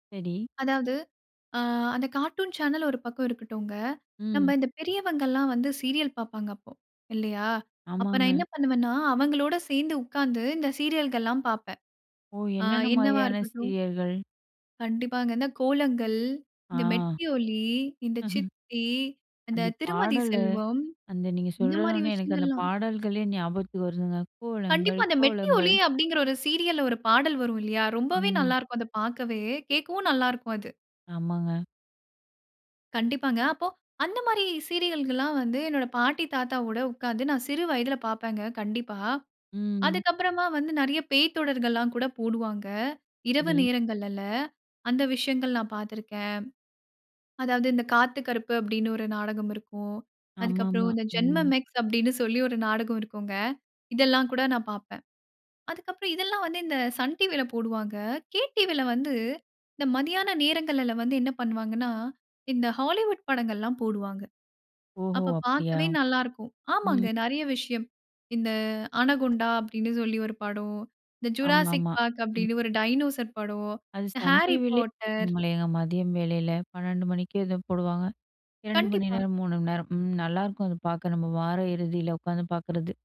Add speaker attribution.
Speaker 1: சரி.
Speaker 2: அதாவது ஆ, அந்த கார்ட்டூன் சேனல் 1 பக்கம் இருக்கட்டுங்க. நம்ப
Speaker 1: ம்.
Speaker 2: இந்த பெரியவர்கள்லாம் வந்து சீரியல் பார்ப்பாங்க அப்போ இல்லையா? அப்போ நான்
Speaker 1: ஆமாங்க.
Speaker 2: என்ன பண்ணுவேன்னா, அவங்களோட சேர்ந்து உட்கார்ந்து இந்த சீரியல்கள்லாம் பார்ப்பேன்.
Speaker 1: ஓ!
Speaker 2: ஆ
Speaker 1: என்னென்ன
Speaker 2: என்னவா
Speaker 1: மாதிரியான
Speaker 2: இருக்கட்டும்.
Speaker 1: சீரியல்கள்?
Speaker 2: கண்டிப்பாங்க அங்க கோலங்கள்,
Speaker 1: ஆ.
Speaker 2: இந்த மெட்டி ஒலி, இந்த சித்தி, இந்த
Speaker 1: அந்த
Speaker 2: திருமதி
Speaker 1: பாடலு
Speaker 2: செல்வம்,
Speaker 1: அந்த நீங்க
Speaker 2: இந்த மாதிரி
Speaker 1: சொல்லணும்னே எனக்கு அந்த
Speaker 2: விஷயங்கள்லாம்.
Speaker 1: பாடல்களே ஞாபகத்துக்கு வருதுங்க. கோலங்கள்,
Speaker 2: கண்டிப்பா. அந்த மெட்டி
Speaker 1: கோலங்கள்.
Speaker 2: ஒலி, அப்டிங்கிற 1 சீரியல்ல 1 பாடல் வரும் இல்லையா, ரொம்பவே
Speaker 1: ம்.
Speaker 2: நல்லா இருக்கும். அத பார்க்கவே கேட்கவும் நல்லா இருக்கும் அது.
Speaker 1: ஆமாங்க.
Speaker 2: கண்டிப்பாங்க. அப்போ அந்த மாரி சீரியல்கள்லாம் வந்து என்னுடைய பாட்டி தாத்தா கூட உட்கார்ந்து நான் சிறு வயதில பார்ப்பேங்க கண்டிப்பா.
Speaker 1: ம்.
Speaker 2: அதுக்கு அப்புறமா வந்து நெறைய பேய்த் தொடர்கள்லாம் கூட போடுவாங்க. இரவு
Speaker 1: சரி.
Speaker 2: நேரங்கள்லல அந்த விஷயங்கள் நான் பார்த்து இருக்கேன். அதாவது இந்த "காத்து கருப்பு" அப்டின்னு 1 நாடகம் இருக்கும். அதுக்கப்பறம்
Speaker 1: ஆமாமா.
Speaker 2: இந்த "ஜென்மம்
Speaker 1: ம்.
Speaker 2: மேக்ஸ்" அப்டின்னு சொல்லி 1 நாடகம் இருக்கும்ங்க. இதெல்லாம் கூட நான் பார்ப்பேன். அதுக்கப்புறம் இதெல்லாம் வந்து இந்த சன் டிவில போடுவாங்க. கே டிவில வந்து இந்த மதியான நேரங்கள்லல வந்து என்ன பண்ணுவாங்கன்னா, இந்த ஹாலிவுட் படங்கள்லாம் போடுவாங்க.
Speaker 1: ஓஹோ!
Speaker 2: அப்ப
Speaker 1: அப்டியா.
Speaker 2: பார்க்கவே நல்லா இருக்கும். ஆமாங்க
Speaker 1: ம்.
Speaker 2: நெறைய விஷயம். இந்த "அனகுண்டா" அப்டின்னு சொல்லி ஒரு படம், இந்த "ஜுராசிக்
Speaker 1: ஆமாமா.
Speaker 2: பார்க்"
Speaker 1: ம்.
Speaker 2: அப்படின்னு ஒரு டைனோசர் படம்,
Speaker 1: அது
Speaker 2: இந்த
Speaker 1: சன்
Speaker 2: Harry
Speaker 1: டிவிலேயே
Speaker 2: Potter.
Speaker 1: போடுவாங்களேங்க மதியம் வேளையில 12:00 மணிக்கே ஏதோ போடுவாங்க. 2 மணி
Speaker 2: கண்டிப்பா.
Speaker 1: நேரம் 3 மணி நேரம். ம். நல்லாருக்கும் அது பார்க்க நம்ம வார இறுதியில உக்காந்து பார்க்கறது.